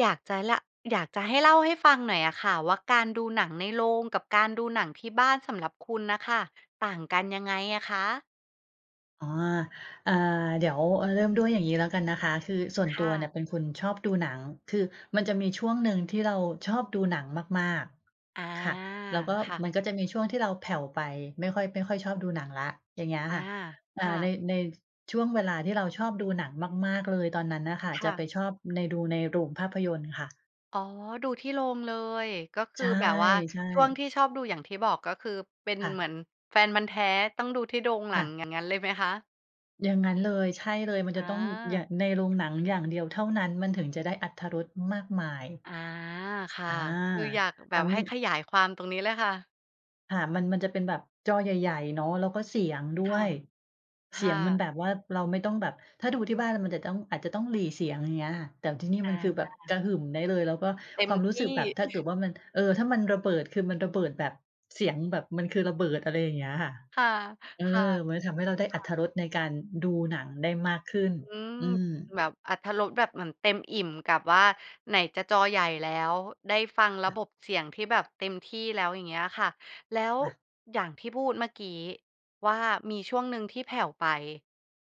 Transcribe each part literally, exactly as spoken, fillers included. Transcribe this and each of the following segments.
อยากจะละ อยากจะให้เล่าให้ฟังหน่อยอะค่ะว่า การดูหนังในโรงกับการดูหนังที่บ้าน สำหรับคุณน่ะค่ะ ต่างกันยังไงอะคะ? อ๋อ อา เดี๋ยว เออ เริ่มด้วยอย่างนี้แล้วกันนะคะ คือส่วนคตั่วเนี่ยะ เป็นคนชอบดูหนัง คือมันจะมีช่วงหนึ่งที่เราชอบดูหนังมาก อา ๆ ค่ะ แล้วก็ค่ะ มันก็จะมีช่วงที่เราแผ่วไป ไม่ค่อย ไม่ค่อยชอบดูหนังแล้ว อย่างเงี้ยออะา ค่ะ อค่า ่ใน ะ ในช่วงเวลาที่เราชอบดูหนังมาก ๆ เลยตอนนั้นน่ะค่ะ คจะ่ไปะ ชอบใน ดูในโรงภาพยนตร์ค่ะ อ๋อ ดูที่โรงเลย ก็คใืชอ่ แบบว่า ใช่ ช่วงที่ชอบดูอย่างที่บอก ก็คือเป็นค่เะ หมือนแฟนพันธุ์แท้ ต้องดูที่โรงหนคั่ง ะ อย่างนั้นเลยไหมคะ? อย่างงั้นเลย ใช่เลย มันจอะต้อง ย า ในโรงหนังอย่างเดียวเท่านั้น มันถึงจะได้อรรถรสมากมาย อา ค่ะ อา คืออยากแบทับ้ง ให้ขยายความตรงนี้เลยค่ะ ค่ะ มัน มันจะเป็นแบบจอใหญ่ ๆ เนาะ แล้วก็เสียงด้ค่วะ ย คเสี่ยงมันะ แบบว่าเราไม่ต้องแบบ ถ้าดูที่บ้านแล้วมันจะต้อง อาจจะต้องหรี่เสียง อย่างเงี้ยค่ะ แต่ที่นี่มันคอือแบบกา ระหึ่มได้เลย แล้วก็เต็คมวามรู้ทีสึก่ แบบถ้าเกิดว่ามัน เออ ถ้ามันระเบิด คือมันระเบิดแบบ เสียงแบบมันคือระเบิด อะไรอย่างเงี้ยค่ะ ค่ะ เออ ค่ะ มันคจะทำให้เราได้อ่รรถะ รสในการดูหนังได้มากขึ้น อืม อืม แบบอรรถรสแบบเหมือนเต็มอิ่มกับว่า ไหนจะจอใหญ่แล้ว ได้ฟังระอะ บบเสียงที่แบบเต็มที่แล้ว อย่างเงี้ยอะค่ะ แล้วค่ะ อย่างที่พูดเมื่อกี้ว่า มีช่วงหนึ่งที่แผ่วไป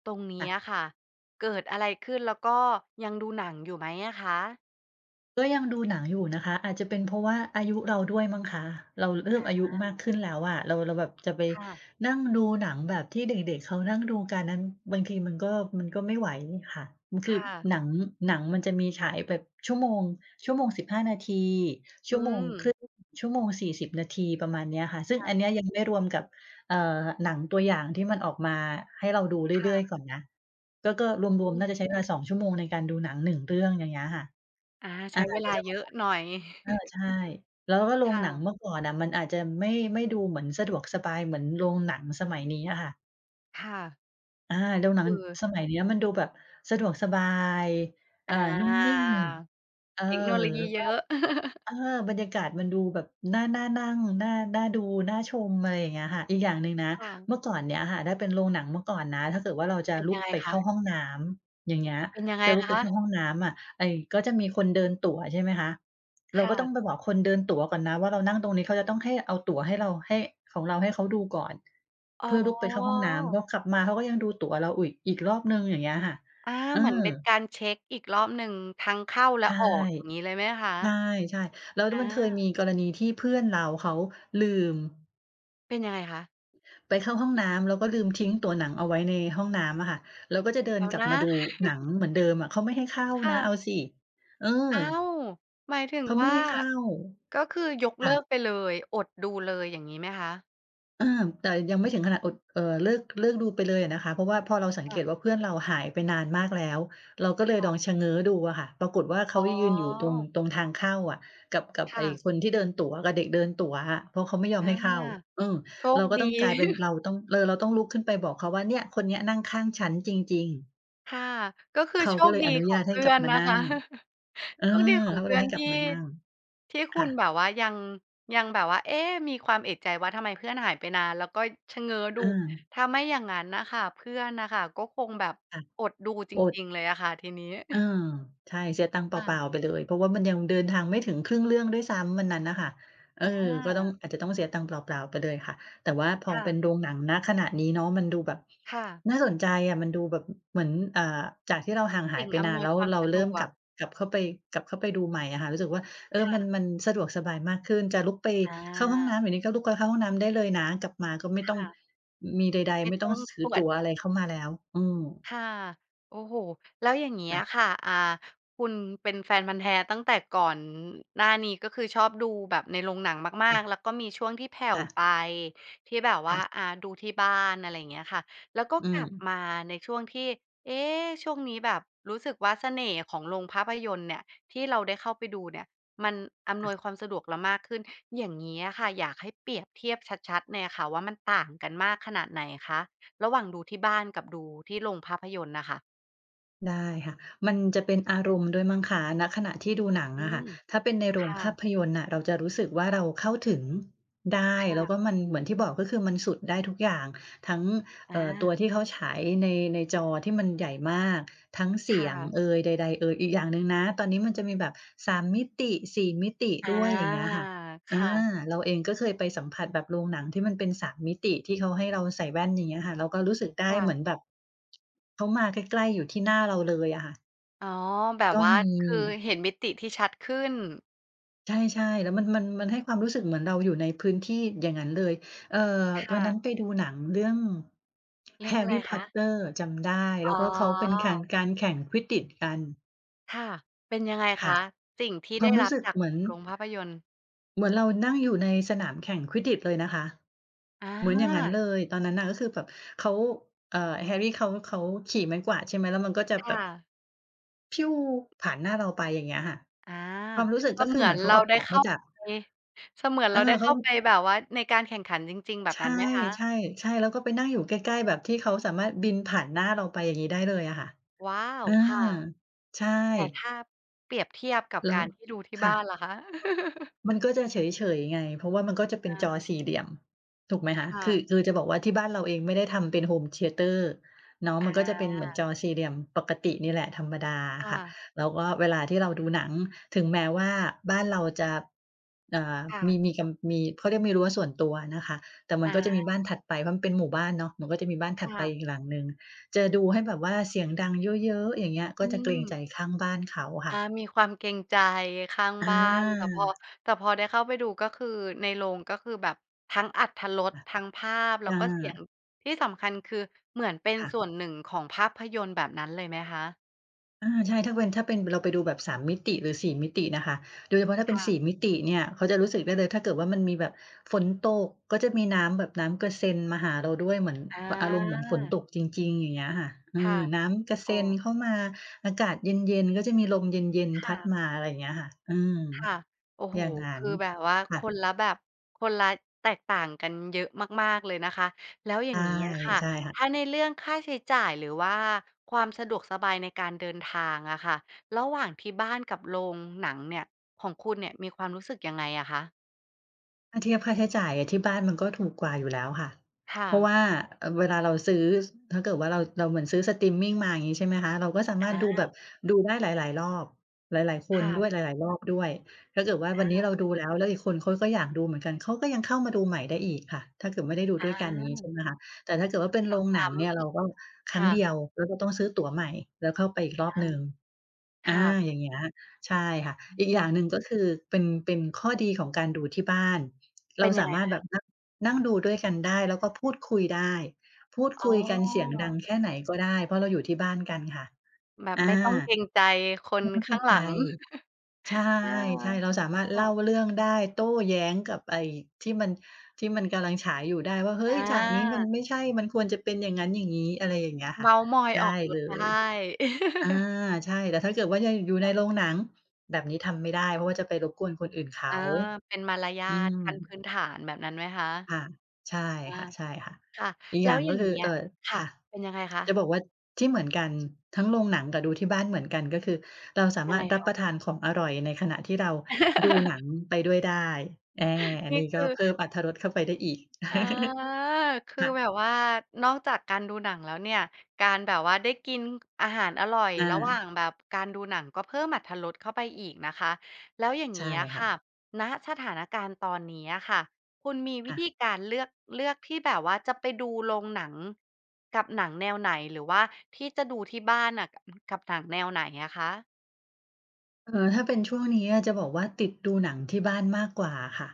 ตรงนีค้่ะ อะค่ะเกิดอะไรขึ้น แล้วก็ยังดูหนังอยู่ไหมอะคะ? ก็ยังดูหนังอยู่นะคะ อาจจะเป็นเพราะว่าอายุเราด้วยมั้งคะ เราเริ่อมอายุมากา ขึ้นแล้วอะ เรา เราแบบจะไปค่ะ นั่งดูหนังแบบที่เด็ก ๆ เขานั่งดูกันนั้น บางทีมันก็ มันก็ไม่ไหวค่ะ มันคคือ่ะ หนัง หนังมันจะมีฉายแบบชั่วโมง ชั่วโมง สิบห้า นาที ชอืั่วโมงครึม ่ง ชั่วโมง สี่สิบ นาที ประมาณเนี้ยค่ะ ซึ่คง่ะ อันเนี้ยยังไม่รวมกับ เอ่อ หนังตัวอย่างที่มันออกมาให้เราดูเรค่ื่อย ะ ๆ ก่อนนะ ก็ ก็รวอม ืๆ นม ่าจะใช้เวลา สอง ชั่วโมง ในการดูหนัง หนึ่ง เรื่อง อย่างเงี้ยค่ะ อา ใอชา ้เวแลล้วาจะเบยอกอะว่า หน่อย เออใช่ แล้ว แล้วก็โรคง่หนังะ เมื่อก่อนอะ มันอาจจะไม่ ไม่ดูเหมือนสะดวกสบาย เหมือนโรงหนังสมัยนี้อะค่ะ ค่ะ กอา โร็งหคนังือ สมัยนี้ มันดูแบบสะดวกสบาย อเา อ่อ นุ่มนิ่ม เออ เทคโนโลยแลี้วเยก็ อะ เออ บรรยากาศมันดูแบบน่า น่านั่ง น่า น่าดู น่าชม อะไรอย่างเงี้ยค่ะ อีกอย่างหนึ่งนะ ค่ะ เมื่อก่อนเนี้ยค่ะ ถ้าเป็นโรงหนังเมื่อก่อนนะ ถ้าเกิดว่าเราจะเป็นลยุักงไงไปคเข้ะ? าห้องน้ำ อย่างเงี้ย เป็นยังไงจะลุคกไปเข้าะ? ห้องน้ำอะ ไอ้ ก็จะมีคนเดินตั๋ว ใช่ไหมคะ เรคา่ก็ะ ต้องไปบอกคนเดินตั๋วก่อนนะว่า เรานั่งตรงนี้ เขาจะต้องให้เอาตั๋วให้เราให้ ของเราให้เขาดูก่อน เพื่ออลุกไ๋ปเข้าห้องน้ำ เอ รากลับมาเขาก็ยังดูตั๋วเราอุ้ย อีกรอบหนึ่ง อย่างเงี้ยค่ะ อา เออ เหมือนเป็นการเช็กอีกรอบหนึ่ง ทั้งเข้าและใช่ ออก อย่างงี้เลยไหมคะ? ใช่ ๆ แล้ว แล้อวมันเคยา มีกรณีที่เพื่อนเราเขาลืม เป็นยังไงคะ? ไปเข้าห้องน้ำ แล้วก็ลืมทิ้งตั๋วหนังเอาไว้ในห้องน้ำอะค่ะ แล้วก็จะเดิเดีน๋ยวกลันบะ มาดูหนังเหมือนเดิมอะ เขาไม่ให้เข้าค่นะ เอะ าสิ เออ อ้าว หมายถึงเขาไวม่่า ให้เข้า ก็คือยกคเล่ิะ กไปเลย อดดูเลย อย่างงี้ไหมคะ? เออ แต่ยังไม่ถึงขนาด อด เออ เลิก เลิกดูไปเลยอะนะคะ เพราะว่าพอเราสังคเก่ะ ตว่า เพื่อนเราหายไปนานมากแล้ว เราก็เคลย่ละ องชะเง้อดูอะค่ะ ปรากฏว่าเขอ๋ายืนอยู่ ตรง อ ตรงทางเข้าอะ กับ กับ คไ่อ้ะ คนที่เดินตั๋ว กับเด็กเดินตั๋วอะ เพราะเขาไม่ยออมา ให้เข้า อือ โชเรคาก็ดต้อี งกลายเป็น เราต้อง เลยเราต้องลุกขึ้นไปบอกเขาว่า เนี่ย คนเนี้ยนั่งข้างฉันจริง ๆ ค่ะ ก็คือเขาโชก็คเลยดีอนุขญอางตเใพห้ื่กลอับนมานะนัค่ะ ง เออ โชคดีขอเงขาเกพ็ืเล่อยใน ห้ทกลัีบ่ มานั่ง ที่คคุ่ณแะ บบว่า ยัง ยังแบบว่า เอ๊ะ! มีความเอะใจว่า ทำไมเพื่อนหายไปนาน แล้วก็ชะเง้อดู อา ถ้าไม่อย่างงั้นน่ะค่ะ เพื่อนน่ะค่ะ ก็คงแบบค่ะ อดดูจอด ริง ๆ เลยอะค่ะ ทีนี้ เออ ใช่ เสียตังค์เปค่ล่า ะ ๆ ไปเลย เพราะว่ามันยังเดินทางไม่ถึงครึ่งเรื่องด้วยซ้ำวันนั้นน่ะค่ะ เออ อก็ต้อง า อาจจะต้องเสียตังค์เปล่า ๆ ไปเลยค่ะ แต่ว่าพคอ่เปะ ็นโรงหนัง ณ ขณะนี้เนาะ มันดูแบบ ค่ะ น่าสนใจอะ มันดูแบบเหมือน เอ่อ จากที่เราห่างหสาิย่งไปอนาำนนวแยล้วความเราสะเดริ่ม วกลก ับ กลับเข้าไป กลับเข้าไปดูใหม่อะค่ะ รู้สึกว่า เอคอ ่มัน ะ มันสะดวกสบายมากขึ้น จะลุกไปอเข้าห้องน้ำ า เดี๋ยวนี้ก็ลุกไปเข้าห้องน้ำได้เลยนะ กลับมาก็ไม่คต้่องะ มีใด ไม่ๆ ไม่ตต้้ออง งซ ถืตอรวตัจ ๋วอะไรเข้ามาแล้ว อืม ค่ะ โอ้โฮ แล้วอย่างเงีค้่ยะ ค่ะ อ่า คุณเป็นแฟนพันธุ์แท้ตั้งแต่ก่อน หน้านี้ ก็คือชอบดูแบบในโรงหนังมาอืก ๆ อ แล้วก็มีช่วงที่แผ่คว่ะ ไป ที่แบบวค่่า ะ อา ดูที่บ้าน อะไรอย่างเงี้ยค่ะ แล้วก็อืกลับม มาในช่วงที่ เอ๊ะ! ช่วงนี้แบบรู้สึกว่า เสน่ห์ของโรงภาพยนตร์เนี่ย ที่เราได้เข้าไปดูเนี่ย มันอำนอา วยความสะดวกเรามากขึ้น อย่างงี้อะค่ะ อยากให้เปรียบเทียบชัด ๆ เลยอะค่ะว่า มันต่างกันมากขนาดไหนคะ ระหว่างดูที่บ้านกับดูที่โรงภาพยนตร์น่ะค่ะ? ได้ค่ะ มันจะเป็นอารมณ์ด้วยมั้งคะ ณ ขณะที่ดูหนังอือะค่ะ ม ถ้าเป็นในโครง่ภาะ พยนตร์น่ะ เราจะรู้สึกว่า เราเข้าถึงได้ ค่แล้วะ ก็มันเหมือนที่บอก ก็คือ มันสุดได้ทุกอย่าง ทั้ง อเอ่อ ตัา วที่เขาฉายใน ในจอที่มันใหญ่มาก ทั้งเสคี่ยงะ เอย ใด ๆ เอย อีกอย่างหนึ่งนะ ตอนนี้มันจะมีแบบ สาม มิติ สี่ มิติอา ด้วย อย่างเงี้ยค่ะ คอ่า ะ เราเองก็เคยไปสัมผัสแบบโรงหนังที่มันเป็น สาม มิติที่เขาให้เราใส่แว่น อย่างเงี้ยค่ะ เราก็รู้สึกคได้่เหะ มือนแบบ เขามาใกล้ ๆ อยู่ที่หน้าเราเลยอะค่ะ อ๋อ แบบก็ว่า มี คือเห็นมิติที่ชัดขึ้น ใช่ ๆ แล้วมัน มัน มันให้ความรู้สึกเหมือนเราอยู่ในพื้นที่อย่างงั้นเลย เอ่อ คว่ันนัะ ้นไปดูหนังเรื่องเรืแ่ฮองอะไรรี่ พคอตะ เตอร์ จำได้ แอล้๋วก็เขาเป็นคาอ น การแข่งควิดดิชกัน ค่ะ เป็นยังไงคค่ะ ะ สิ่งที่คไวดา้มรรูั้บสึกจากเหมือน โรงภาพยนตร์? เหมือนเรานั่งอยู่ในสนามแข่งควิดดิชเลยนะคะ เหมือนอย่างงั้นอา เลย ตอนนั้นน่ะ ก็คือ แบบเขา เอ่อ แฮร์รี่เขา เขาชี่ไม้กวาดใช่ไหม แล้วมันก็จะคแ่บบ ะ พิ้ว ผ่านหน้าเราไป อย่างเงี้ยค่ะ อา ความรู้สึก ก็ก็เคหมือืเอหมืนอนเขเราาออก ได้ออกเขม้าาจาไก ป เสมือนเอเรอ าได้เเขขา ้าไปแบบว่าในการแข่งขันจริง ๆ แบบใชนั้่ นไหมคะ? ใช่ ใช่ แล้วก็ไปนั่งอยู่ใกล้ ๆ แบบที่เขาสามารถบินผ่านหน้าเราไป อย่างงี้ได้เลยอะค่ะ ว้าเว! ออ ค่ะ ใช่ แต่ถ้าเปรียบเทียบกับแล้กาว รที่ดูที่คบ่้าะ นล่ะคะ? มันก็จะเฉย ๆ ไง เพราะว่า มันก็จะเปอ็นจอา สี่เหลี่ยม ถูกไหมคคะ ่คือ ะ คือจะบอกว่า ที่บ้านเราเองไม่ได้ทำเป็นโฮมเธียเตอร์เนาะ มอันก็จะเป็นเหมือนา จอสี่เหลี่ยมปกตินี่แหละ ธรรมดาค่ค่ะ ะ แล้วก็เวลาที่เราดูหนัง ถึงแม้ว่าบ้านเราจะ เอ่อ ค่มี ะ มี กำ มี เขาเรียกว่ามีรั้วส่วนตัวนะคะ แต่มันอา ก็จะมีบ้านถัดไป เพราะมันเป็นหมู่บ้านเนาะ มันก็จะมีบ้านคถัดไ่ปะ อีกหลังหนึ่ง จะดูให้แบบว่าเสียงดังเยอะ ๆ อย่างเงี้ย กอื็จะเกรงใม จข้างบ้านเขาคอ่า ะ มีความเกรงใจข้างอบ้าน แต่พอ า แต่พอได้เข้าไปดู ก็คือในโรง ก็คือแบบทั้งอรรถรคส ่ะ ทั้งภาพ แจล้้วก็เสียง า ที่สำคัญคือ เหมือนเป็นค่ส่ะ วนหนึ่งของภาพยนตร์แบบนั้นเลยไหมคะ? เออ ใช่ ถ้าเป็น ถ้าเป็นเราไปดูแบบ สาม มิติ หรือ สี่ มิตินะคะ โดยเฉพาะถ้าคเป็น ่สะ ี่ มิติเนี่ย เขาจะรู้สึกได้เลย ถ้าเกิดว่ามันมีแบบฝนตก ก็จะมีน้ำแบบน้ำกระเซ็นมาหาเราด้วย เหมือนอารมณ์เหมือนฝนอา ตกจริง ๆ อย่างเงี้ยค่ะ อืค่ม ะ น้ำกระเอซ้็นอ เข้ามา อากาศเย็น ๆ ก็จะมีลมเย็น คๆ พ่ัดะ มา อะไรอย่างเงี้ยค่ะ อืม ค่ะ โอ้โอฮ ย่างงั้คน ือแบบว่า ค่คะ นละแบบ คนละแตกต่างกันเยอะมาก ๆ เลยนะคะ แล้วอใย่ชา่ งเงี้ยค่ะ ใช่ค่ถะ ้าในเรื่องค่าใช้จ่าย หรือว่าความสะดวกสบายในการเดินทางอะค่ะ ระหว่างที่บ้านกับโรงหนังเนี่ยของคุณเนี่ย มีความรู้สึกยังไงอะคะ? ถ้าเทียบค่าใช้จ่ายที่บ้านมันก็ถูกกว่าอยู่แล้วค่ะ ค่เพราะ ะว่าเวลาเราซื้อ ถ้าเกิดว่า เรา เราเหมือนซื้อสตรีมมิงมา อย่างงี้ ใช่ไหมคะ เราก็สามาอรถดูแบา บ ดูได้หลาย ๆ รอบ หลาย ๆ คคน่ดะ ้วย หลาย ๆ รอบด้วย ถ้าเกิดว่าวอันนี้า เราดูแล้ว แล้วอีกคนเขาก็อยากดูเหมือนกัน เขาก็ยังเข้ามาดูใหม่ได้อีกค่ะ ถ้าเกิดไม่ได้ดูอา ด้วยกัน ดูงี้ใช่ไหมคะ แต่ถ้าเกิดว่าเป็นโรงซหนั้งเนี่ย เราก็ำ คๆ ครั้ง่เดีะ ยวเราจะต้องซื้อตั๋วใหม่ แล้วเข้าไปอีกรออา บหนึ่ง คอา ่ะ อย่างเงี้ย ใช่ค่ะ อือีกอ อย่างหนึ่งก็คือ เป็น เป็นข้อดีของการดูที่บ้าน เเรปา็นยสังาไงมารถคแบะ? บ นั่ง นั่งดูด้วยกันได้ แล้วก็พูดคุยได้ พูดอคุ๋อ ยกันเสียงดังแค่ไหนก็ได้ เพราะเราอยู่ที่บ้านกันค่ะ แบบอา ไม่ต้องเกรงใจคนมันก็ขเป้็างนหลใัจ ง ใช่ เออ ใช่ เราสามารถคเล่่าะ เรื่องได้โต้แย้งกับไอ้ ที่มัน ที่มันกำลังฉายอยู่ได้ว่า เฮ้อย ฉากนี้มันา ไม่ใช่ มันควรจะเป็นอย่างงั้นอย่างงี้ อะไรอย่างเงี้ยคเ่มะ ้าท์มอยได้ออกรเลส ใชย ่ อา ใช่ แต่ถ้าเกิดว่ายังอยู่ใคน่ะ โรงหนัง แบบนี้ทำไม่ได้ เพราะว่าจะไปรบกวนคนอื่นเขเอา อ เป็นมารยาอืทม ขั้นพื้นฐาน แบบนั้นไหมคะ ค่ะ ใช่อา ค่ะ ค่ะ ๆ อีกแลอ้ย่าวงอยก่็างคเงืีอ ้เยอ่อ ค่คะ ่ะ เป็นยังไงคะ? จะบอกว่าที่เหมือนกันทั้งโรงหนังกับดูที่บ้านเหมือนกัน ก็คือ เราสายัมงาไรงถรัคบปะ? ระทานของอร่อยในขณะที่เราดูหนังไปด้วยได้ แอ อันนีน่ี้คก็ือ เพิ่มอรรถรสเข้าไปได้อีก เออ คืคอ่ะ แบบว่านอกจากการดูหนังแล้วเนี่ย การแบบว่าได้กินอาหารอร่อยอระหว่าา งแบบการดูหนัง ก็เพิ่มอรรถรสเข้าไปอีกนะคะ แล้วอย่างใเชงี่้ยคค่่ะ ะ ณ สถานการณ์ตอนนี้อะค่ะ คุณมีควิ่ธีะ การ เลือก เลือกที่แบบว่า จะไปดูโรงหนังกับหนังแนวไหน หรือว่าที่จะดูที่บ้านน่ะกับหนังแนวไหนอะคะ? เออ ถ้าเป็นช่วงนี้อะจะบอกว่า ติดดูหนังที่บ้านมากกว่าค่ะ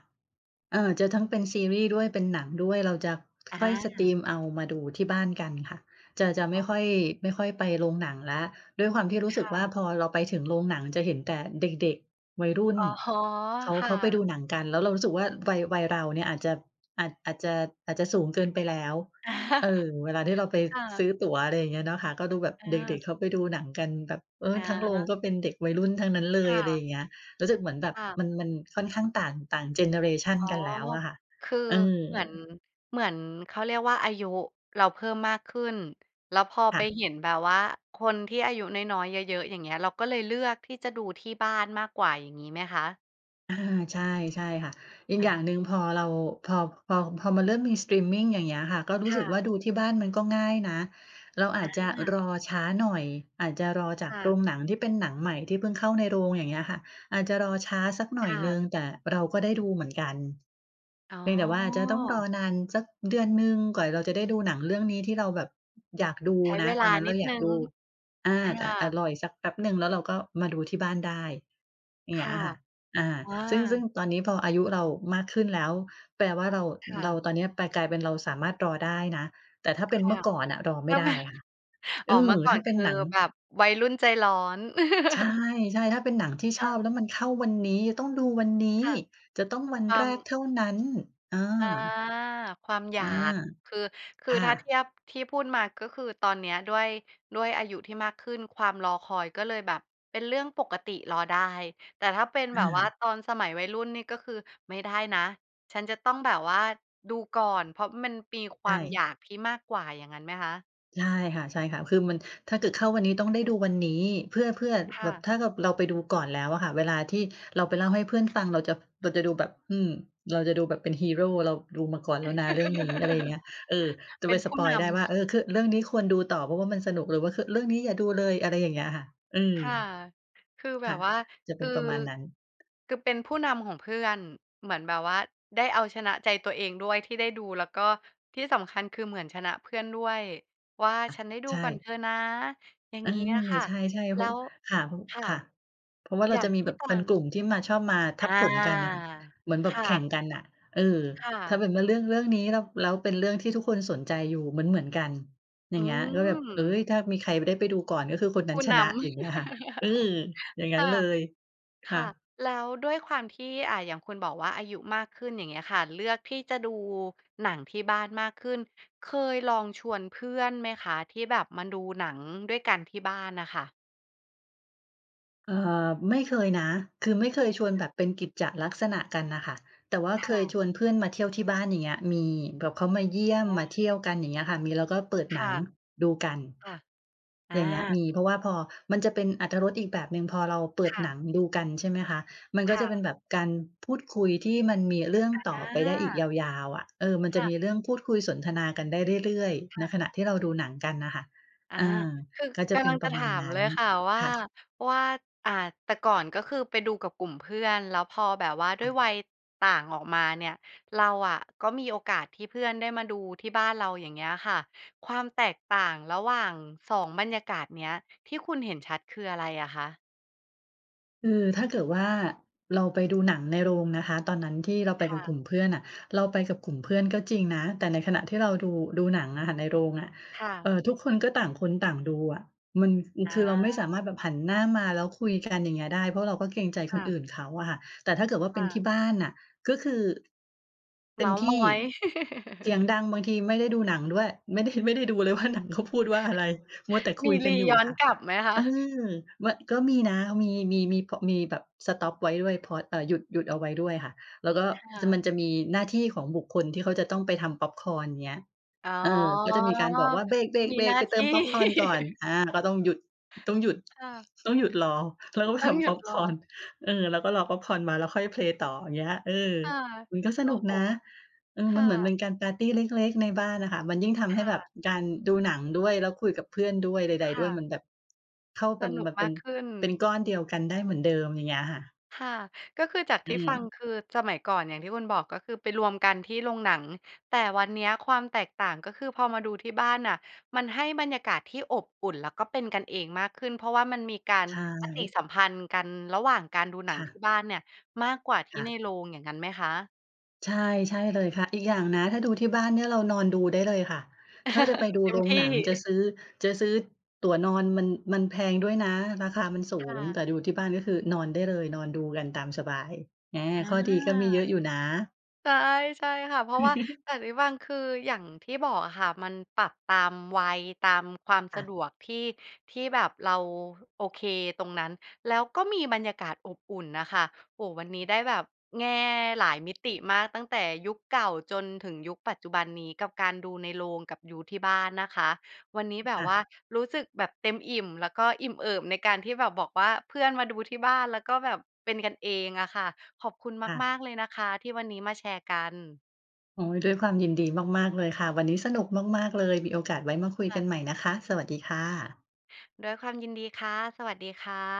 เออ จะทั้งเป็นซีรีส์ด้วย เป็นหนังด้วย เราจะอค่อยสตรา ีมเอามาดูที่บ้านกันค่ะ จะ จะไมอ๋่ค่อ อย ไม่ค่อยไปโรงหนังแล้ว ด้วยความที่รู้คสึ่กว่า ะ พอเราไปถึงโรงหนัง จะเห็นแต่เด็ก ๆ วัยรุ่น อ๋อ เขา คเ่ขาไปดูะ หนังกัน แล้วเรารู้สึกว่า วัย วัยเราเนี่ย อาจจะ อาจ อาจจะ อาจจะสูงเกินไปแล้ว เออ เวลาที่เราไปค่ซืะ ้อตั๋ว อะไรอย่างเงี้ยเนาะ ค่ะ ก็ดูแบบอเด็า ก ๆ เขาไปดูหนังกันแบบ เอออ ะฮทั้งโรงะ ก็เป็นเด็กวัยรุ่นทั้งนั้นเลคย ่อะไระ อย่างเงี้ย รู้สึกเหมือนแบบค่ะ มัน มันค่อนข้างต่าง ต่างเจเนอเรชันอ๋อ กันแล้วอะค่ะ คืออืม เหมือน เหมือน เขาเรียกว่า อายุเราเพิ่มมากขึ้น แล้วพอคไ่ปะ เห็นแบบว่าคนที่อายุน้อย ๆ เยอะ ๆ อย่างเงี้ย เราก็เลยเลือกที่จะดูที่บ้านมากกว่า อย่างงี้ไหมคะ? อา ใช่ ใช่ค่ะ อีกออย่ะ างหนึ่งพอเรา พอ พอ พอมันเริ่มมีสตรีมมิง อย่างเงี้ยค่ะ ก็รูค้่สึกวะ ่าดูที่บ้านมันก็ง่ายนะ เราอาอจจะา รอช้าหน่อย อาจจะรอจคาก่โระ งหนังที่เป็นหนังใหม่ ที่เพิ่งเข้าในโรง อย่างเงี้ยค่ะ อาจจะรอช้าสักหนค่อย่หนึะ ่ง แต่เราก็ได้ดูเหมือนกัน อ๋อ เพียงแต่ว่าจะต้องรอนานสักเดือนหนึ่งกว่าเราจะได้ดูหนังเรื่องนี้ที่เราแบบอยากดูใช้นเะ วลตาอนนั้นนเริาดอยหนึาก่ง ดู อา อแต่ อะ า รอสักแป๊บหนึ่ง แล้วเราก็มาดูที่บ้านได้ อย่าคงเงี้่ยะ อะค่ะ อ่า อซึ่ง ซึ่งา ตอนนี้พออายุเรามากขึ้นแล้ว แปลว่าเรา ค่เรา ะ ตอนนี้ไป กลายเป็นเราสามารถรอได้นะ แต่ถ้าเป็คนเ่มืะ ่อก่อนน่ะ รอไมท่ำไดไม? ้ค่ะ ออ๋อ ืเมอ ื่อก่อถ้นาเปค็นือหนัง แบบวัยรุ่นใจร้อน ใช่ ใช่ ถ้าเป็นหนังที่คช่อะ บแล้วมันเข้าวันนี้ จะต้องดูวันนี้ ค่ะ จะต้องวันควแารม กเท่านั้น เออ อา ความอเอยาอ ก คือ คืคอ่ถ้าเทะ ียบที่พูดมา ก็คือตอนเนี้ยด้วย ด้วยอายุที่มากขึ้นความรอคอยก็เลยแบบเป็นเรื่องปกติ รอได้ แต่ถ้าเป็นอแบบว่าา ตอนสมัยยวัยรุ่นนี่ ก็คือไม่ได้นะฉันจะต้องแบบว่าดูก่อน เพราะมันมีคใชวามอย่ ากที่มากกว่า อย่างงั้นไหมคะ? ใช่ค่ะ ๆ คือมัน ถ้าเกิดเข้าวันนี้ต้องได้ดูวันนี้ เพื่อ เพื่อ ค่แบบ ะ ถ้าแบบเราไปดูก่อนแล้วอะค่ะ เวลาที่เราไปเล่าให้เพื่อนฟัง เราจะ เราจะดูแบบ อืม เราจะดูแบบเป็นฮีโร เราดูมาก่อนแล้วนะเรื่องนี้ อะไรอย่างเงี้ย เออ จะเปไ็ปนสผู้ปอนยล์ได้ว่า ำ เออ เคอะ เรื่องนี้ควรดูต่อ เพราะว่ามันสนุก หรือว่าเคอะ เรื่องนี้อย่าดูเลย อะไรอย่างเงี้ยค่ะ อืม ค่ะ คือแบค่ะ บว่า จะคเป็ืนอ ประมาณนั้น คือเป็นผู้นำของเพื่อนเหมือนแบบว่าได้เอาชนะใจตัวเองด้วยที่ได้ดู แล้วก็ที่สำคัญคือ เหมือนชนะเพื่อนด้วยว่า อะ ฉันได้ดูใชก่อน่ เธอนะ อย่างอืงี้ออ ะค่ะ ใช่ ๆ เแพลร้าะ ว ว ค่ะ เพราะ ว ค่ะ ค่ะ เพราะว่าเอรยา่าจงะมทีีแ่บบกเาป็นร กลุ่มที่มา ชอบมาทอัา บถมกันอะค่ะ เหมือนแคบบ่ะ แข่งกันน่ะ เออ ค่ะ ถ้าเป็นว่าเรื่อง เรื่องนี้ แล้ว แล้วเป็นเรื่องที่ทุกคนสนใจอยู่เหมือน ๆ กัน อยอ่ืางเงี้ย ก็แบบ เอ๊ม ย! ถ้ามีใครได้ไปดูก่อน ก็คือคนนผัู้น้ชนนะ อยำ ่างเงี้ยค่ะ อือ อย่างงคั้น่เะ ลย คค่่ะ ะ แล้วด้วยความที่ อะ อย่างคุณบอกว่าอายุมากขึ้น อย่างเงี้ยค่ะ เลือกที่จะดูหนังที่บ้านมากขึ้น เคยลองชวนเพื่อนไหมคะ ที่แบบมาดูหนังด้วยกันที่บ้านน่ะค่ะ? เอ่อ ไม่เคยนะ คือไม่เคยชวนแบบเป็นกิจจะลักษณะกันน่ะค่ะ แต่ว่าคเ่คยะ ชวนเพื่อนมาเที่ยวที่บ้าน อย่างเงี้ย มี แบบเขามา เยี่ยมอา มาเที่ยวกัน อย่างเงี้ยค่ะ มี แล้วก็เปิดคหน่ัะ งดูกัน ค่ะ ออย่างเงี้ยา มี เพราะว่าพอ มันจะเป็นอรรถรสอีกแบบหนึ่ง พอเราเปิคด่ะ หนังดูกัน ใช่ไหมคะ มันกค็่จะเปะ ็นแบบการพูดคุยที่มันมีเรื่องอะ ตอ่อไปได้อีกยา าว ๆ อะ เออ มันคจะ่ะ มีเรื่องพูดคุยสนทนากันได้เรื่อย คๆ ใน่ะ ขณะที่เราดูหนังกันน่ะค่ะ อา เออ คือ ก็จกะเปำ็ลันงปจะระมถาณามนัเ้ลน ยค่ะว่า ค่ะ ว่า อ่า แต่ก่อนก็คือไปดูกับกลุ่มเพื่อน แล้วพอแบบว่าดค้่วยะ วัยต่างออกมาเนี่ย เราอะก็มีโอกาสที่เพื่อนได้มาดูที่บ้านเรา อย่างเงี้ยค่ะ ความแตกต่างระหว่าง สอง บรรยากาศเนี้ย ที่คุณเห็นชัดคืออะไรอะคะ? คือถ้าเกิด ว่าเราไปดูหนังในโรงนะคะ ตอนนั้นที่เราไปคก่ับะ กลุ่มเพื่อนน่ะ เราไปกับกลุ่มเพื่อนก็จริงนะ แต่ในขณะที่เราดู ดูหนังน่ะค่ะ ในโรงอะ ค่เะ ออ ทุกคนก็ต่างคนต่างดูอะ มัน อือ อคือเราไม่สามา ารถแบบหันหน้ามา แล้วคุย กัน อย่างเงี้ยได้ เพราะเราก็เกรงใจคค่นอะ ื่นเขาอะค่ะ แต่ถ้าเกิดว่าเคป็่นทะ ี่บ้านน่ะ ก็คือ เตเม็มาท์ทมี่ อย เสียงดัง บางทีไม่ได้ดูหนังด้วย ไม่ได้ ไม่ได้ดูเลยว่าหนังเขาพูดว่าอะไร? มัวแต่มคุียกรันีอยูย่้อนค่ะ กลับไหมคะ? เออ มะ ก็มีนะ มี มี มี pau มีแบบ สต็อป ไว้ด้วย pause อะ หยุด หยุดเอาไว้ด้วยค่ะ แล้วก็ค่จะมะ ันจะมีหน้าที่ของบุคคล ที่เขาจะต้องไปทำพ็อปคอร์น อย่างเงี้ย อ๋อ เออ แล้วจะมีการบอกว่า "เบรมีหนก ้ๆ าๆ ไปทเติีม่ พ็อปคอร์นก่อน" อา ก็ต้องหยุด ต้องหยุด ค่ะ ต้องหยุดรอ แล้อืวอ ก็อ้ทาว หยำพุ็อดปเหรคอ? อร์น เออ เราก็รอพ็อปคอร์นมา แล้วค่อย เพลย์ ต่อ อย่างเงี้ย เออ ค่ะ มันก็สโอนุ้กโฮ! นะ เออ คมั่นเหมือนเะ ป็นการปาร์ตีเล็ก ๆ ในบ้านน่ะค่ะ มันยิ่งทคำให้่แบบะ การดูหนังด้วย แล้วคุยกับเพื่อนด้วย ใคด ๆ ่ด้วย ะ มันแบบ เข้ากสัน นุมกันเมป็าน กขึ้น เป็นก้อนเดียวกันได้เหมือนเดิม อย่างเงี้ยค่ะ ค่ะ ก็คือจากอืที่ฟัง ม คือสมัยก่อน อย่างที่คุณบอก ก็คือไปรวมกันที่โรงหนัง แต่วันนี้อะความแตกต่าง ก็คือพอมาดูที่บ้านน่ะ มันให้บรรยากาศที่อบอุ่น แล้วก็เป็นกันเองมากขึ้น เพราะว่ามันมีการใชปฏิ่ สัมพันธ์กันระหว่างการดูหนัคง่ทีะ ่บ้านเนี่ย มากกว่าทคี่่ะ ในโรง อย่างงั้นไหมคะ? ใช่ ใช่เลยค่ะ อีกอย่างนะ ถ้าดูที่บ้านเนี่ย เรานอนดูได้เลยค่ะ ถ้าจะไปดูเต็โรมงทหนีั่ งจะซื้อ จะซื้อตั๋วนอนมัน มันแพงด้วยนะ ราคามันสูค่ง แะ ต่ดูที่บ้าน ก็คือนอนได้เลย นอนดูกันตามสบาย อา อา ข้อดีก็มีเยอะอยู่นะ ใช่ ใช่ค่ะ เพราะว่าจากที่ฟัง คืออย่างที่บอกอะค่ะ มันปรับตามวัย ตามความคส่ะะ ดวก ที่ ที่แบบเราโอเคตรงนั้น แล้วก็มีบรรยากาศอบอุ่นน่ะค่ะ โอ้โฮ วันนี้ได้แบบแง่ หลายมิติมาก ตั้งแต่ยุคเก่าจนถึงยุคปัจจุบันนี้ กับการดูในโรงกับดูที่บ้านนะคะ วันนี้อ แบคบ่ะ ว่ารู้สึกแบบเต็มอิ่ม แล้วก็อิ่มเอิบในการที่แบบบอกว่า เพื่อนมาดูที่บ้านแล้วก็แบบเป็นกันเองอะค่ะ ขอบคุณค่มะ าก ๆ เลยนะคะ ที่วันนี้มาแชร์กัน โอ้ ด้วย ความยินดีมาก ๆ เลยค่ะ วันนี้สนุกมาก ๆ เลย มีโอกาสไว้มาคุยคก่ันะ ใหม่นะคะ สวัสดีค่ะ ด้วยความยินดีค่ะ สวัสดีค่ะ